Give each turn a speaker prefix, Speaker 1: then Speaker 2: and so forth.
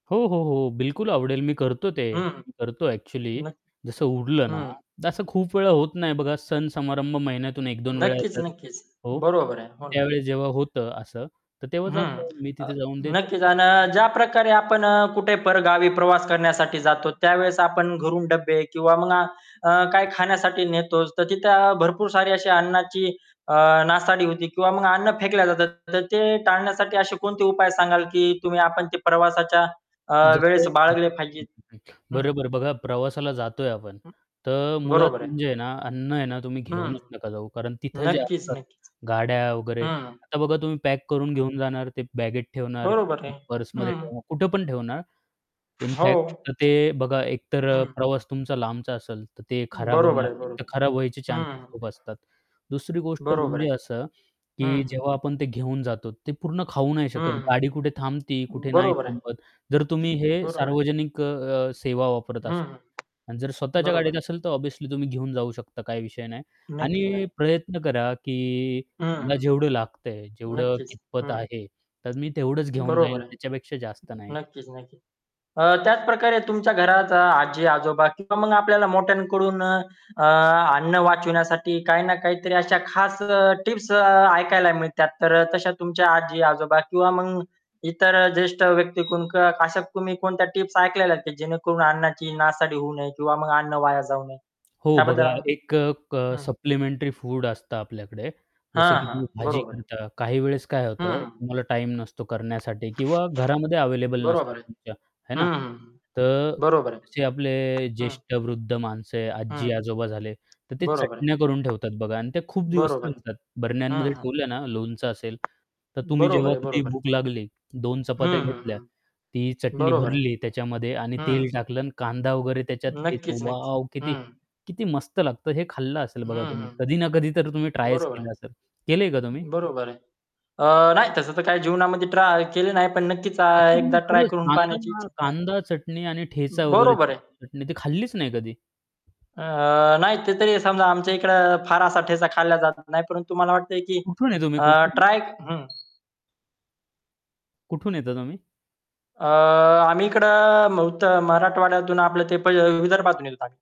Speaker 1: हो, हो, हो. बिलकुल आवडेल मी करतो ते.
Speaker 2: हं.
Speaker 1: मी करतो ॲक्चुअली.
Speaker 2: नक्क
Speaker 1: जसं उरलं ना,
Speaker 2: हं.
Speaker 1: तर असं खूप वेळा होत नाही बघा सण समारंभ महिन्यातून 1-2 वेळा
Speaker 2: नक्कीच,
Speaker 1: येतात.
Speaker 2: नक्कीच.
Speaker 1: हो,
Speaker 2: बरोबर आहे, हो ना.
Speaker 1: त्यावेळेस जेव्हा होतं असं, तर तेव्हा
Speaker 2: बरोबर आहे. हं.
Speaker 1: जातो, मी
Speaker 2: अ,
Speaker 1: तिथे जाऊन देतो.
Speaker 2: नक्कीच आणि ज्या प्रकारे आपण अ, कुठे परगावी प्रवास करण्यासाठी जातो त्यावेळेस आपण घरून डब्बे किंवा मग अ, काही खाण्यासाठी नेतोच, तर तिथे भरपूर सारी अशी अन्नाची अ, नासाडी होती किंवा मग अन्न फेकले जातात. तर ते टाळण्यासाठी असे कोणते उपाय सांगाल, की तुम्ही आपण ते प्रवासाच्या अ,
Speaker 1: जसं,
Speaker 2: वेळेस
Speaker 1: हं.
Speaker 2: बाळगले पाहिजेत?
Speaker 1: हं, हं, हं.
Speaker 2: हं.
Speaker 1: बरं, बरं, बघा प्रवासाला जातोय आपण,
Speaker 2: हं.
Speaker 1: तर मुळात
Speaker 2: बरोबर आहे.
Speaker 1: म्हणजे आहे ना, अन्न आहे ना तुम्ही
Speaker 2: हं.
Speaker 1: घेऊनच नका जाऊ. कारण तिथं जे
Speaker 2: नक्कीच,
Speaker 1: असतात,
Speaker 2: नक्कीच.
Speaker 1: गाड्या वगैरे
Speaker 2: हं.
Speaker 1: आता बघा, तुम्ही पॅक करून
Speaker 2: हं.
Speaker 1: घेऊन जाणार, ते बॅगेट ठेवणार,
Speaker 2: बरोबर आहे.
Speaker 1: पर्समध्ये
Speaker 2: हं.
Speaker 1: ठेवणार कुठे पण ठेवणार, इन
Speaker 2: हो.
Speaker 1: फॅक्ट, तर ते बघा, एकतर अ,
Speaker 2: हं.
Speaker 1: प्रवास तुमचा लांबचा असेल, तर ते खराब
Speaker 2: बरोबर
Speaker 1: होणार.
Speaker 2: आहे,
Speaker 1: तर
Speaker 2: बरोबर
Speaker 1: खराब व्हायचे
Speaker 2: आहे.
Speaker 1: चान्सेस
Speaker 2: हं.
Speaker 1: खूप असतात. दुसरी गोष्ट
Speaker 2: बरोबर
Speaker 1: म्हणजे
Speaker 2: आहे.
Speaker 1: असं, की
Speaker 2: हं.
Speaker 1: जेव्हा आपण ते घेऊन जातो ते पूर्ण खाऊ नाही
Speaker 2: हं,
Speaker 1: शकत. गाडी कुठे थांबती, कुठे
Speaker 2: हं.
Speaker 1: नाही
Speaker 2: बरोबर आहे.
Speaker 1: थांबत. जर तुम्ही हे
Speaker 2: बरोबर आहे.
Speaker 1: सार्वजनिक अ, अ, सेवा वापरत
Speaker 2: हं,
Speaker 1: असाल.
Speaker 2: हं.
Speaker 1: आणि जर स्वतःच्या
Speaker 2: बरोबर.
Speaker 1: गाडीत असेल तर ऑब्व्हियसली तुम्ही घेऊन जाऊ शकता काही विषय नाही
Speaker 2: नक्की
Speaker 1: आणि
Speaker 2: नाही.
Speaker 1: प्रयत्न करा, की मला
Speaker 2: हं.
Speaker 1: जेवढं लागतंय, जेवढं
Speaker 2: नक्कीच,
Speaker 1: कितपत
Speaker 2: हं.
Speaker 1: आहे, तर मी तेवढंच घेऊन
Speaker 2: बरोबर
Speaker 1: जाईल,
Speaker 2: आहे.
Speaker 1: त्याच्यापेक्षा जास्त नाही.
Speaker 2: नक्कीच, नक्कीच. अ, त्याच प्रकारे तुमच्या घरात आजी-आजोबा किंवा मग आपल्याला मोठ्यांकडून अ, अ, अन्न वाचवण्यासाठी काही ना काहीतरी अशा खास अ, टिप्स अ, ऐकायला मिळतात. तर अ, तशा तुमच्या आजी-आजोबा किंवा मग इतर अ, ज्येष्ठ व्यक्ती कोण अशा तुम्ही कोणत्या टिप्स ऐकलेल्या आहेत की जेणेकरून अन्नाची नासाडी होऊ नये किंवा मग अन्न वाया जाऊ नये.
Speaker 1: हो
Speaker 2: त्याबद्दल
Speaker 1: बघा,
Speaker 2: आण
Speaker 1: एक अ, अ,
Speaker 2: हं.
Speaker 1: सप्लिमेंटरी फूड असतं आपल्याकडे
Speaker 2: हां,
Speaker 1: जसं की तुम्ही
Speaker 2: हां.
Speaker 1: भाजी
Speaker 2: बरोबर आहे.
Speaker 1: करता काही वेळेस काय होतं,
Speaker 2: हं.
Speaker 1: तुम्हाला टाईम नसतो करण्यासाठी किंवा घरामध्ये अवेलेबल नसतात
Speaker 2: बरोबर आहे.
Speaker 1: तुमच्या, हे ना?
Speaker 2: हं, हं, हं.
Speaker 1: तर
Speaker 2: बरोबर आहे.
Speaker 1: जसे आपले
Speaker 2: हं.
Speaker 1: ज्येष्ठ वृद्ध माणसं आहे,
Speaker 2: हं.
Speaker 1: आजी-आजोबा झाले, तर ते
Speaker 2: बरोबर आहे.
Speaker 1: चटण्या करून ठेवतात बघा आणि ते खूप दिवस
Speaker 2: बरोबर आहे.
Speaker 1: चालतात.
Speaker 2: हं,
Speaker 1: बरण्यांमध्ये
Speaker 2: हं.
Speaker 1: ठेवलं ना, लोणचं असेल, तर तुम्ही
Speaker 2: बरोबर
Speaker 1: जेव्हा
Speaker 2: आहे,
Speaker 1: कधी
Speaker 2: बरोबर आहे.
Speaker 1: भूक लागली, 2 चपात्या
Speaker 2: हं, हं,
Speaker 1: घेतल्या,
Speaker 2: हं.
Speaker 1: ती चटणी
Speaker 2: बरोबर आहे.
Speaker 1: भरली त्याच्यामध्ये आणि तेल
Speaker 2: हं.
Speaker 1: टाकलं आणि कांदा वगैरे त्याच्यात ठेचा
Speaker 2: नक्कीच, नक्की
Speaker 1: वॉव! किती
Speaker 2: हं.
Speaker 1: किती मस्त लागतं. हे खाल्लं असेल बघा
Speaker 2: हं,
Speaker 1: तुम्ही.
Speaker 2: हं.
Speaker 1: कधी ना कधी तर तुम्ही ट्रायच
Speaker 2: बरोबर आहे.
Speaker 1: केलं असेल, केलंय का तुम्ही?
Speaker 2: बरोबर आहे. अ, नाही तसं तर काही जीवनामध्ये ट्राय केले नाही, पण नक्कीच आ,
Speaker 1: ॲक्चुअल्ली
Speaker 2: एकदा ट्राय
Speaker 1: खरंच
Speaker 2: करून पाहण्याची
Speaker 1: कांदा हा
Speaker 2: इच्छा आहे.
Speaker 1: कांदा, चटणी आणि ठेचा वगैरे
Speaker 2: बरोबर आहे.
Speaker 1: त्याची चटणी ती खाल्लीच नाही कधी?
Speaker 2: अ, नाही ते तरी समजा आमच्या इकडे फारसाठ्याचा खाल्ला जातच नाही परंतु तुम्हाला वाटतंय की
Speaker 1: कुठून आहे तुम्ही,
Speaker 2: अ,
Speaker 1: कुठून
Speaker 2: ट्राय हं.
Speaker 1: कुठून येता तुम्ही?
Speaker 2: अ, आम्ही इकडं महुत मराठवाड्यातून आपलं ते पय विदर्भातून येऊन राहिलं.